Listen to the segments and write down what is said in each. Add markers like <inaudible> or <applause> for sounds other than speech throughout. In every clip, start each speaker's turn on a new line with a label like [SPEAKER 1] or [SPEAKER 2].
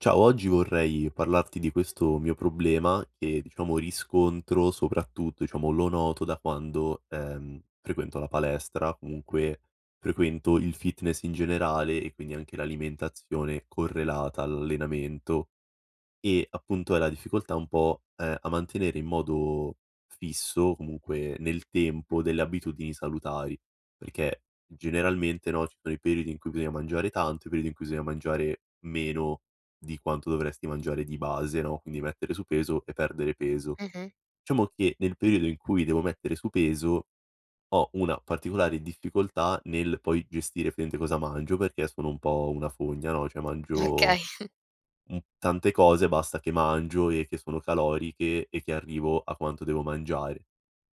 [SPEAKER 1] Ciao, oggi vorrei parlarti di questo mio problema che diciamo riscontro soprattutto diciamo lo noto da quando, uhm, frequento la palestra, comunque frequento il fitness in generale e quindi anche l'alimentazione correlata all'allenamento. E appunto è la difficoltà un po', uhm, a mantenere in modo fisso, comunque nel tempo, delle abitudini salutari perché, generalmente, no, ci sono i periodi in cui bisogna mangiare tanto, i periodi in cui bisogna mangiare meno di quanto dovresti mangiare di base, no, quindi mettere su peso e perdere peso.
[SPEAKER 2] Mh-mh.
[SPEAKER 1] Diciamo che, nel periodo in cui devo mettere su peso, ho una particolare difficoltà nel poi gestire praticamente cosa mangio, perché sono un po' una fogna, no, cioè mangio,
[SPEAKER 2] Okay.
[SPEAKER 1] mhmm, tante cose basta che mangio e che sono caloriche e che arrivo a quanto devo mangiare.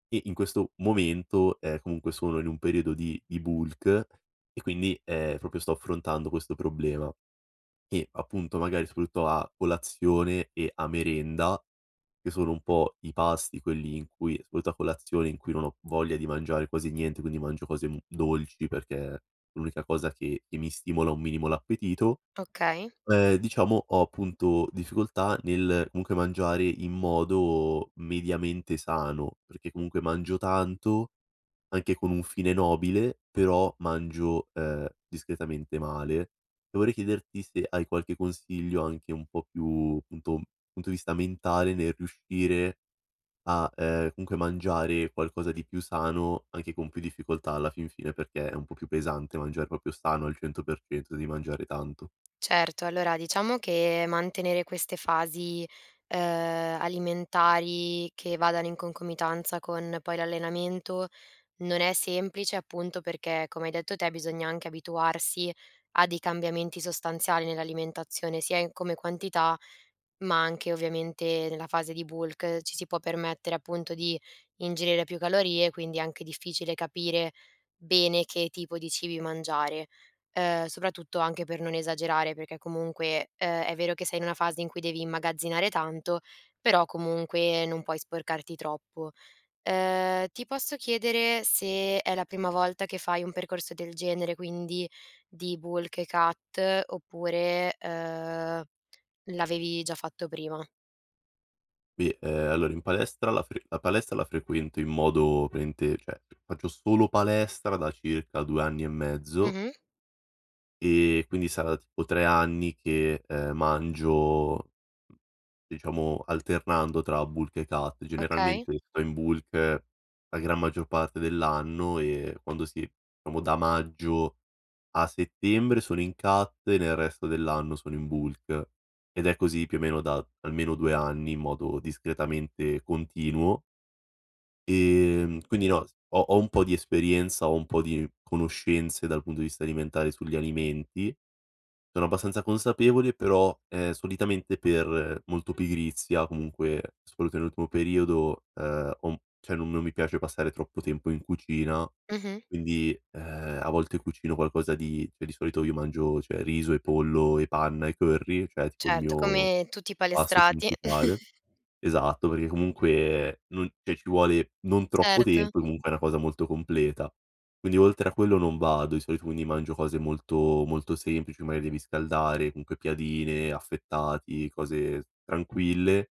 [SPEAKER 1] E in questo momento, ehm, comunque sono in un periodo di di bulk e quindi, uhm, proprio sto affrontando questo problema. E appunto, magari soprattutto a colazione e a merenda, che sono un po' i pasti quelli in cui, soprattutto a colazione, in cui non ho voglia di mangiare quasi niente, quindi mangio cose dolci perché, l'unica cosa che mi stimola un minimo l'appetito,
[SPEAKER 2] Okay.
[SPEAKER 1] uhm, diciamo ho appunto difficoltà nel comunque, mangiare in modo mediamente sano. Perché comunque mangio tanto, anche con un fine nobile, però mangio, uhm, discretamente male. E vorrei chiederti se hai qualche consiglio anche un po' più, punto punto di vista mentale nel riuscire a, uhm, comunque mangiare qualcosa di più sano, anche con più difficoltà alla fin fine, perché è un po' più pesante mangiare proprio sano al 100% di mangiare tanto.
[SPEAKER 2] Certo, allora diciamo che mantenere queste fasi, uhm, alimentari che vadano in concomitanza con poi l'allenamento, non è semplice appunto perché, come hai detto te, bisogna anche abituarsi a dei cambiamenti sostanziali nell'alimentazione, sia in come quantità, ma anche ovviamente, nella fase di bulk ci si può permettere appunto di ingerire più calorie, quindi è anche difficile capire bene, che tipo di cibi mangiare, ehm, soprattutto anche per non esagerare, perché comunque, uhm, è vero che sei in una fase in cui devi immagazzinare tanto, però comunque non puoi sporcarti troppo. Uhm, ti posso chiedere se è la prima volta che fai un percorso del genere, quindi di bulk e cut oppure, uhm, l'avevi già fatto prima?
[SPEAKER 1] Beh, ehm, allora in palestra la fre la palestra la frequento in modo praticamente cioè faccio solo palestra da circa 2 anni e mezzo
[SPEAKER 2] Mh-mh.
[SPEAKER 1] ehm, quindi sarà tipo 3 anni che, uhm, mangio, mhmm, diciamo alternando tra bulk e cut
[SPEAKER 2] Okay.
[SPEAKER 1] generalmente tipo in bulk la gran maggior parte dell'anno, eh, quando sì, diciamo, da maggio a settembre sono in cut e nel resto dell'anno sono in bulk ed è così più o meno da almeno 2 anni, in modo discretamente continuo. Ehm, quindi no s ho ho un po' di esperienza, ho un po' di conoscenze dal punto di vista alimentare sugli alimenti. Sono abbastanza consapevole però, ehm, solitamente per molto pigrizia comunque, soprattutto <unintelligible> ultimo periodo, uhm, ho un p cioè non mi piace passare troppo tempo in cucina
[SPEAKER 2] Mh-mh.
[SPEAKER 1] quindi, uhm, a volte cucino qualcosa di cioè di solito io mangio cioè riso e pollo e panna e curry, cioè tipo il
[SPEAKER 2] Certo,
[SPEAKER 1] mio
[SPEAKER 2] come tutti i
[SPEAKER 1] pasto
[SPEAKER 2] palestrati.
[SPEAKER 1] principale.
[SPEAKER 2] <chuckles>
[SPEAKER 1] Esatto perché comunque, non cioè ci vuole non troppo
[SPEAKER 2] Certo.
[SPEAKER 1] tempo, comunque è una cosa molto completa. Quindi oltre a quello non vado. Di solito quindi mangio cose molto molto semplici, magari devi scaldare comunque piadine, affettati cose s tranquille;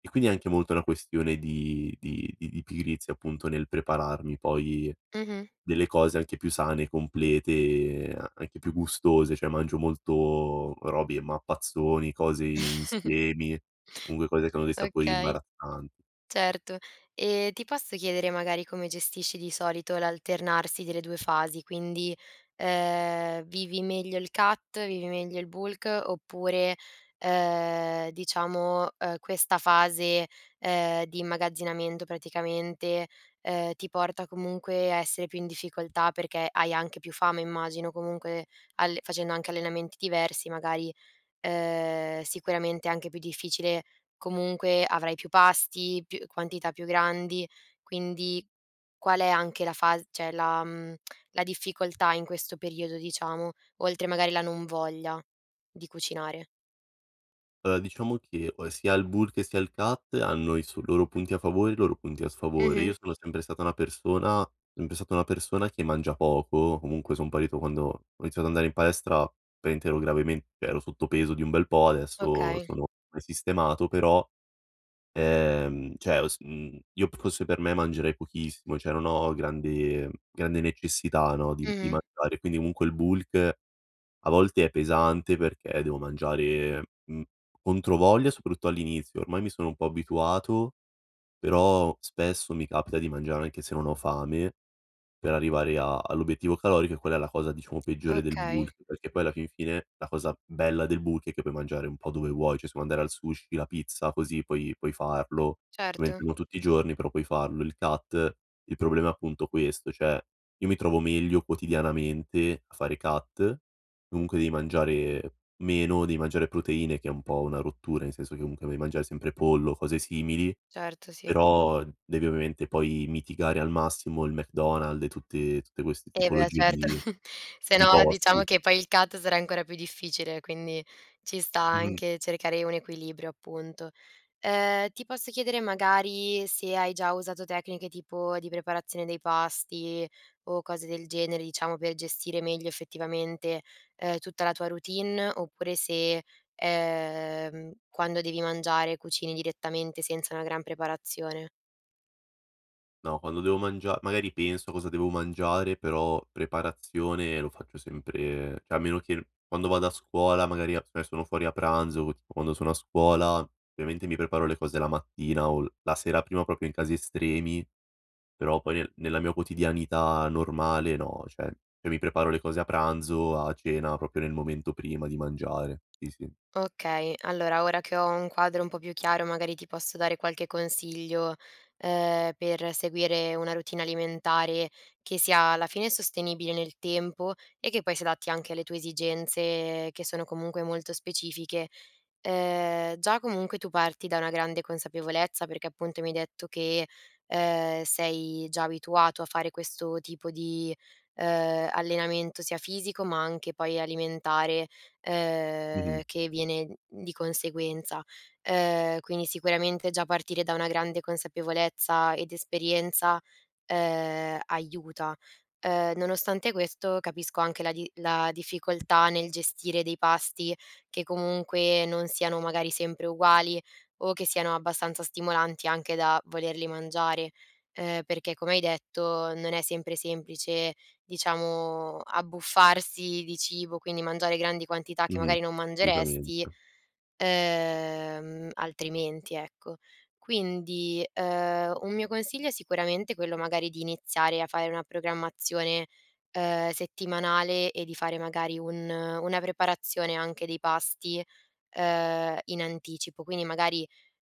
[SPEAKER 1] e quindi è anche molto una questione di di di di pigrizia appunto nel prepararmi poi
[SPEAKER 2] Mh-mh.
[SPEAKER 1] delle cose anche più sane, complete, an anche più gustose. Cioè mangio molto robi e mappazzoni, cose
[SPEAKER 2] <chuckles>
[SPEAKER 1] insiemi. Comunque cose che hanno dei sapori
[SPEAKER 2] Okay,
[SPEAKER 1] imbarazzant
[SPEAKER 2] certo, e ti posso chiedere magari come gestisci di solito l'alternarsi delle 2 fasi, quindi, uhm, vivi meglio il cut vivi meglio il bulk oppure, uhm, diciamo, uhm, questa fase, uhm, di immagazzinamento praticamente, uhm, ti porta comunque a essere più in difficoltà perché hai anche più fame immagino, comunque alle facendo anche allenamenti diversi magari, uhm, sicuramente è anche più difficile comunque, avrai più pasti, più quantità più grandi, quindi qual è anche la fas cioè la, mhmm, la difficoltà in questo periodo diciamo, oltre magari la non voglia di cucinare?
[SPEAKER 1] Uhm, diciamo che, uhm, sia il bulk che sia il cut hanno i s loro punti a favore, i loro punti a sfavore.
[SPEAKER 2] Mh-mh.
[SPEAKER 1] Io sono sempre stata una persona sempre stata una persona che mangia poco, comunque son partito quando ho iniziato ad andare in palestra praticamente ero gravement ero sotto peso di un bel po' adesso
[SPEAKER 2] Okay.
[SPEAKER 1] sono sistemato però, uhm, cioè ho s io fosse per me mangerei pochissimo, cioè non ho grande grande necessità no, di di
[SPEAKER 2] Mh-mh.
[SPEAKER 1] mangiare. Quindi comunque, il bulk a volte è pesante perché, devo mangiare, mhmm, controvoglia soprattutto all'inizio. Ormai mi sono un po' abituato però, spesso mi capita di mangiare anche se non ho fame, per arrivare a all'obiettivo calorico, e quella è la cosa diciamo peggiore del
[SPEAKER 2] Okay.
[SPEAKER 1] bulk perché poi alla fin fine la cosa bella del bulk, è che puoi mangiare un po' dove vuoi. Cioè se vuoi andare al sushi, la pizza, così puoi puoi farlo. Ovviamente
[SPEAKER 2] Certo.
[SPEAKER 1] non tutti giorni, però puoi farlo, il cut, Il problema è appunto questo: cioè io mi trovo meglio quotidianamente a fare cut, comunque devi mangiare meno, devi mangiare proteine che è un po' una rottura, nel senso che comunque devi mangiare sempre pollo o cose simili,
[SPEAKER 2] Certo sì.
[SPEAKER 1] però devi ovviamente poi, mitigare al massimo il McDonald's e tutte tutte queste
[SPEAKER 2] Eh beh
[SPEAKER 1] tipologie
[SPEAKER 2] certo,
[SPEAKER 1] di
[SPEAKER 2] <chuckles> se
[SPEAKER 1] di
[SPEAKER 2] no diciamo
[SPEAKER 1] posti.
[SPEAKER 2] che poi il cut sarà ancora più difficile, quindi ci sta
[SPEAKER 1] Mh-mh.
[SPEAKER 2] anche cercare un equilibrio appunto. Uhm, ti posso chiedere magari se hai già usato tecniche tipo di preparazione dei pasti, o cose del genere, diciamo, per gestire meglio effettivamente, uhm, tutta la tua routine oppure se, uhm, quando devi mangiare cucini direttamente, senza una gran preparazione.
[SPEAKER 1] No, quando devo mangia magari penso a cosa devo mangiare, però preparazione lo faccio sempre cioè, a meno che quando vado a scuola magari <unintelligible> sono fuori a pranzo, o tipo quando sono a scuola, ovviamente, mi preparo le cose la mattina o l la sera prima, proprio, in casi estremi, però poi nella mia quotidianità normale, no cioè, io mi preparo le cose a pranzo, a cena, proprio nel momento prima di mangiare. Sì, sì.
[SPEAKER 2] Okay. Allora, ora che ho un quadro un po' più chiaro, magari, ti posso dare qualche consiglio, uhm, per seguire una routine alimentare che sia alla fine sostenibile nel tempo, e che poi si adatti anche alle tue esigenze che sono, comunque, molto specifiche. Uhm, già comunque tu parti da una grande consapevolezza perché, appunto, mi hai detto che, uhm, sei già abituato a fare questo tipo di, uhm, allenamento sia fisico, ma anche poi alimentare, uhm,
[SPEAKER 1] Mh-mh.
[SPEAKER 2] che viene di conseguenza. Uhm, quindi sicuramente già partire da una grande consapevolezza ed esperienza, uhm, aiuta. Uhm, nonostante questo, capisco anche la di la difficoltà nel gestire dei pasti che, comunque, non siano, magari, sempre uguali o che siano abbastanza stimolanti anche da volerli mangiare, uhm, perché, come hai detto, non è sempre semplice, diciamo, abbuffarsi di cibo, quindi mangiare grandi quantità che,
[SPEAKER 1] Mh-mh.
[SPEAKER 2] magari, non
[SPEAKER 1] Assolutamente.
[SPEAKER 2] mangeresti, uhm, altrimenti, ecco. Quindi, uhm, un mio consiglio sicuramente è quello, magari, di iniziare a fare una programmazione, uhm, settimanale e di fare, magari, un una preparazione anche dei pasti, uhm, in anticipo; quindi, magari,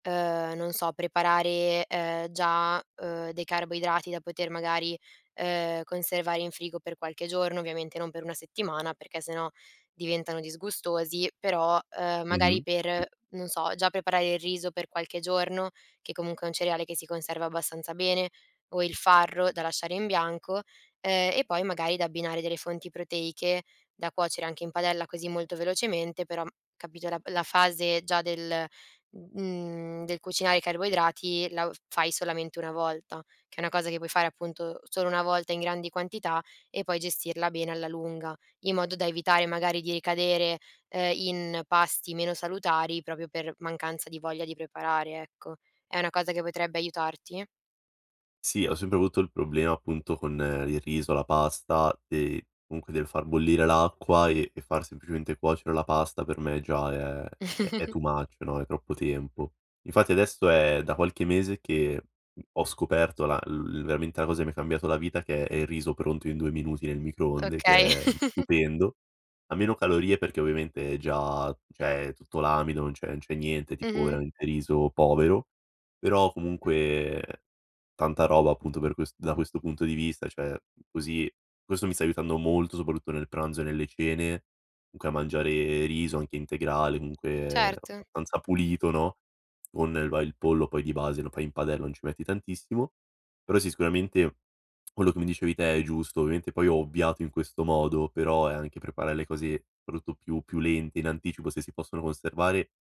[SPEAKER 2] uhm, non so preparare, uhm, già, uhm, dei carboidrati da poter, magari, uhm, conservare in frigo per qualche giorno, ovviamente non per 1 settimana perché sennò diventano disgustosi, però, uhm, magari
[SPEAKER 1] Mh-mh. Uh
[SPEAKER 2] per non so, già preparare il riso per qualche giorno, che comunque è un cereale che si conserva abbastanza bene, o il farro da lasciare in bianco, uhm, e poi, magari, da abbinare delle fonti proteiche, da cuocere anche in padella così molto velocemente, però m capito, la la fase già del, mhmm, del cucinare i carboidrati la u f fai solamente una volta, che è una cosa che puoi fare, appunto, solo una volta in grandi quantità e poi gestirla bene alla lunga, in modo da evitare, magari, di ricadere, uhm, in pasti meno salutari proprio per mancanza di voglia di preparare, ecco. È una cosa che potrebbe aiutarti?
[SPEAKER 1] Sì, ho sempre avuto il problema, appunto, con il riso, la pasta, ehm, comunque del far bollire l'acqua, e e far semplicemente cuocere la pasta per me già è è è
[SPEAKER 2] <chuckles>
[SPEAKER 1] too much no, è troppo tempo. Infatti, adesso è da qualche mese che ho scoperto la <unintelligible> veramente la cosa che mi ha cambiato la vita, che è il riso pronto in 2 minuti nel microonde,
[SPEAKER 2] Okay.
[SPEAKER 1] che è
[SPEAKER 2] <chuckles>
[SPEAKER 1] stupendo. Ha meno calorie perché, ovviamente, è già cioè, tutto l'amido non c'è non c'è niente, tipo,
[SPEAKER 2] Mh-mh.
[SPEAKER 1] veramente riso povero. Però, comunque, tanta roba, appunto, per quest da questo punto di vista, cioè così questo mi sta aiutando molto, soprattutto nel pranzo e nelle cene comunque a mangiare riso, anche integrale, comunque
[SPEAKER 2] Certo.
[SPEAKER 1] abbastanza pulito, no, con va il pollo poi di base lo fai in padella non ci metti tantissimo. Però, sì sicuramente quello che mi dicevi te è giusto. Ovviamente poi ho ovviato in questo modo, però è anche preparare le cose rutto più più lente, in anticipo, se si possono conservare,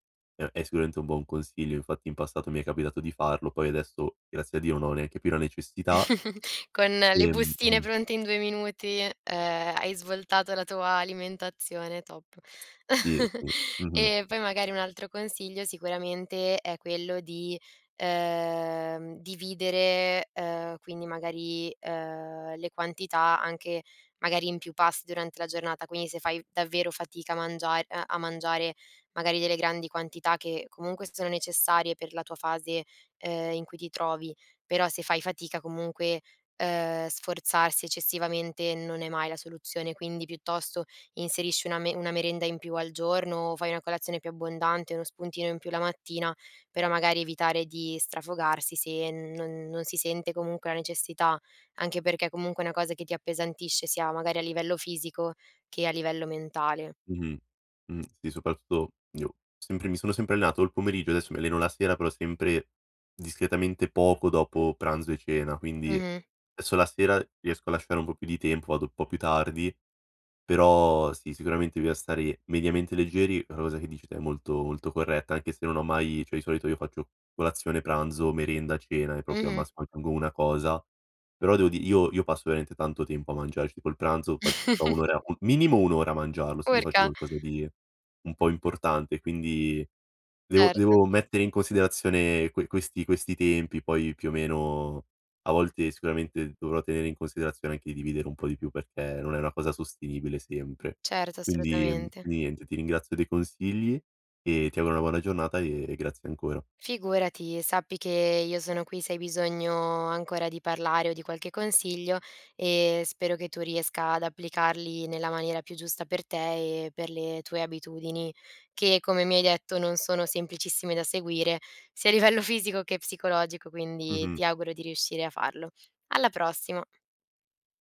[SPEAKER 1] uhm, è sicuramente un buon consiglio; infatti, in passato mi è capitato di farlo poi adesso, grazie a Dio, non ho neanche più la necessità
[SPEAKER 2] <chuckles> Con le bustine
[SPEAKER 1] ehm
[SPEAKER 2] pronte in 2 minuti, ehm, hai svoltato la tua alimentazione, top.
[SPEAKER 1] Sì
[SPEAKER 2] <chuckles>
[SPEAKER 1] sì. Mh-mh.
[SPEAKER 2] Ehm, poi, magari, un altro consiglio sicuramente è quello di, uhm, dividere, uhm, quindi, magari, uhm, le quantità anche magari in più pasti durante la giornata; quindi se fai, davvero, fatica a mangia ehm, a mangiare, magari, delle grandi quantità che comunque sono necessarie per la tua fase, uhm, in cui ti trovi. Però, se fai fatica comunque, uhm, sforzarsi eccessivamente non è mai la soluzione. Quindi, piuttosto, inserisci una me una merenda in più al giorno, o fai una colazione più abbondante, uno spuntino in più la mattina, però magari evitare di strafogarsi, se non non si sente comunque la necessità, anche perché, comunque, è una cosa che ti appesantisce sia magari a livello fisico che a livello mentale.
[SPEAKER 1] Mh-mh. Mh. Sì, soprattutto, io sempre mi sono sempre allenato o il pomeriggio adesso, mi alleno la sera, però sempre discretamente poco dopo pranzo e cena. Quindi,
[SPEAKER 2] Mh-mh.
[SPEAKER 1] esso la sera riesco a lasciare un po' più di tempo, vado po' più tardi però sì, sicuramente bisogna stare mediamente leggeri, è una cosa che, dici te, è molto molto corretta anche se non ho mai cioè, di solito io faccio colazione, pranzo, merenda, cena e proprio, al
[SPEAKER 2] Mh-mh.
[SPEAKER 1] massimo, aggiungo una cosa. Però, devo di io io passo veramente tanto tempo a mangiare ci tipo, il pranzo
[SPEAKER 2] <chuckles>
[SPEAKER 1] <unintelligible> minimo 1 ora a mangiarlo, se mi faccio
[SPEAKER 2] Urca!
[SPEAKER 1] qualcosa di un po' importante; quindi devo
[SPEAKER 2] Cert
[SPEAKER 1] devo mettere in considerazione que questi questi tempi poi più o meno, a volte sicuramente dovrò tenere in considerazione anche dividere un po' di più, perché non è una cosa sostenibile sempre.
[SPEAKER 2] Certo,
[SPEAKER 1] Quindi, mhmm,
[SPEAKER 2] assolutamente!
[SPEAKER 1] niente, ti ringrazio dei consigli e ti auguro una buona giornata e e grazie ancora.
[SPEAKER 2] Figurati. Sappi che io sono qui, se hai bisogno ancora di parlare o di qualche consiglio, e spero che tu riesca ad applicarli nella maniera più giusta per te e per le tue abitudini che, come mi hai detto, non sono semplicissime da seguire, sia a livello fisico che psicologico, quindi
[SPEAKER 1] Mh-mh.
[SPEAKER 2] ti auguro di riuscire a farlo. Alla prossima.